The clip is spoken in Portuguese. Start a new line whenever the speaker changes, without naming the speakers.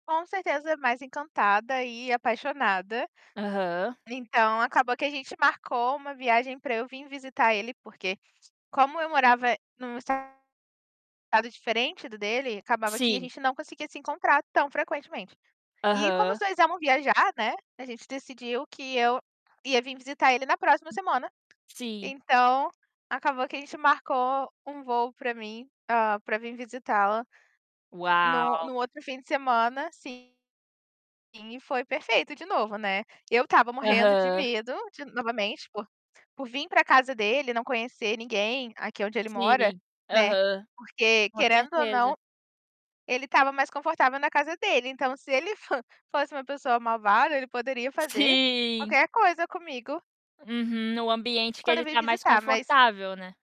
Com certeza mais encantada e apaixonada.
Aham.
Então, acabou que a gente marcou uma viagem pra eu vir visitar ele porque, como eu morava num, estado diferente do dele, acabava que a
Sim.
gente não conseguia se encontrar tão frequentemente. E, como os
Aham.
2 amam viajar, né, a gente decidiu que eu ia vir visitar ele na próxima semana,
Sim.
então, acabou que a gente marcou um voo para mim, hã, pra vir visitá-lo, no
Uau!
no outro fim de semana, assim, e foi perfeito de novo, né. Eu estava morrendo de
Aham.
medo de novamente, por por vir pra casa dele e não conhecer ninguém aqui onde ele mora,
Sim,
né,
aham.
porque,
Com
querendo ou não,
certeza.
ele estava mais confortável na casa dele, então, se ele fan fosse uma pessoa malvada, ele poderia fazer
Sim.
qualquer coisa comigo
Uhum, no ambiente que
quando eu
ele
vim
tá mais
visitar, mas
confortável, né?